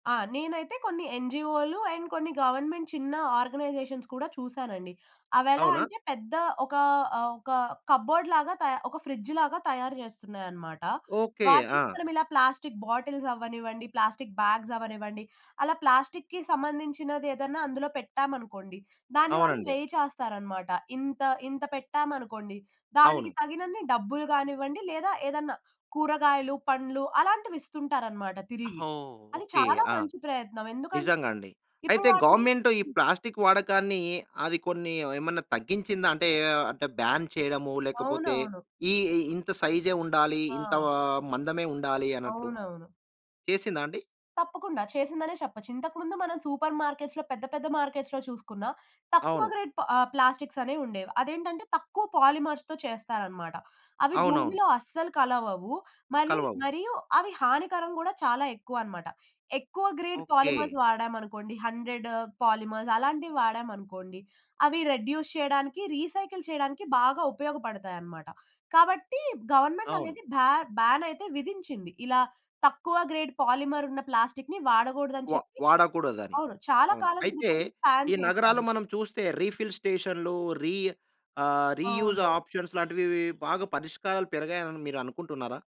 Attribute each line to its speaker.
Speaker 1: ఆ! నేనైతే కొన్ని ఎన్‌జీఓలు, అండ్ కొన్ని గవర్నమెంట్ చిన్న ఆర్గనైజేషన్స్ కూడా చూసానండి.
Speaker 2: అవునా?
Speaker 1: అవెలాంటే, పెద్ద ఒక ఆహ్, ఒక కబోర్డ్ లాగా త ఒక ఫ్రిడ్జ్ లాగా తయారు చేస్తున్నాయనమాట.
Speaker 2: ఓకె.
Speaker 1: వాటిని
Speaker 2: ఆ!
Speaker 1: మనం ఇలా ప్లాస్టిక్ బాటిల్స్ అవ్వనివ్వండి, ప్లాస్టిక్ బ్యాగ్స్ అవ్వనివ్వండి, అలా ప్లాస్టిక్‌కి సంబంధించినది ఏదన్నా అందులో పెట్టామనుకోండి, దాని వాళ్ళు
Speaker 2: అవునండి.
Speaker 1: వేయ్ చేస్తారన్నమాట. ఇంత ఇంత పెట్టామనుకోండి
Speaker 2: అవును.
Speaker 1: దానికి తగినన్ని డబ్బులు గానివ్వండి, లేదా ఏదైనా కూరగాయలు, పండ్లు అలాంటివి ఇస్తుంటారన్నమాట
Speaker 2: ఆ!
Speaker 1: తిరిగి.
Speaker 2: ఓహ్!
Speaker 1: అది
Speaker 2: ఓకె.
Speaker 1: చాలా
Speaker 2: ఆ!
Speaker 1: మంచి ప్రయత్నం. ఎందుకన్
Speaker 2: నిజంగాండి.
Speaker 1: ఇప్పుడు
Speaker 2: అయితే,
Speaker 1: వాటిని
Speaker 2: గవర్నమెంట్ ఈ
Speaker 1: హ్మ్.
Speaker 2: ప్లాస్టిక్ వాడకాన్ని, అది కొన్ని ఏమన్నా తగ్గించిందా? అంటే, ఆహ్, బాన్ చేయడము, లేకపోతే
Speaker 1: అవునవును.
Speaker 2: ఈ ఎ ఇంత సైజే ఉండాలి,
Speaker 1: ఆ!
Speaker 2: ఇంత మందమే ఉండాలి అన్నట్టు.
Speaker 1: అవునవును.
Speaker 2: చేసిందా అండి?
Speaker 1: తప్పకుండా. చేసిందనే చెప్పొచ్చు. ఇంతకు ముందు మనం సూపర్ మార్కెట్స్‌లో పెద్ద, పెద్ద మార్కెట్స్‌లో చూసుకున్న, తక్కువ
Speaker 2: అవును.
Speaker 1: గ్రేట్ ఆహ్, ప్లాస్టిక్స్ అనేవి ఉండేవి. అదేంటంటే, తక్కువ పాలిమర్స్‌తో చేస్తారన్నమాట. అవి
Speaker 2: అవునవును.
Speaker 1: భూమిలో అస్సలు కలవవు. మళ్ళీ
Speaker 2: కలవవు.
Speaker 1: మరియు అవి హానికరం గూడా చాలా ఎక్కువన్నమాట. ఎక్కువ గ్రేడ్
Speaker 2: ఓకె.
Speaker 1: పాలిమర్స్ వాడామనుకోండి 100 పాలిమర్స్ అలాంటివి వాడామనుకోండి. అవి రెడ్యూస్ చేయడానికి, రీసైకిల్ చేయడానికి బాగా ఉపయోగపడతాయన్నమాట. కాబట్టి, గవర్నమెంట్
Speaker 2: అవును.
Speaker 1: అనేది భా బాన్ అయితే విధించింది. ఇలా తక్కువ గ్రేడ్ పాలిమర్ ఉన్న ప్లాస్టిక్‌ని వాడకూడదని
Speaker 2: వా
Speaker 1: చెప్పి.
Speaker 2: వాడకూడదని.
Speaker 1: అవును. చాలా
Speaker 2: అవును.
Speaker 1: కాలం
Speaker 2: అయితే,
Speaker 1: క్రితం బాన్
Speaker 2: ఈ నగరాలు
Speaker 1: చేశారు.
Speaker 2: మనం చూస్తే రీఫిల్ స్టేషన్‌లు రి ఆహ్, రీయూజ్
Speaker 1: అవునవును.
Speaker 2: ఆప్షన్స్ లాంటివి వి బాగా పరిష్కారాలు పెరిగాయని మీరు అనుకుంటున్నారా?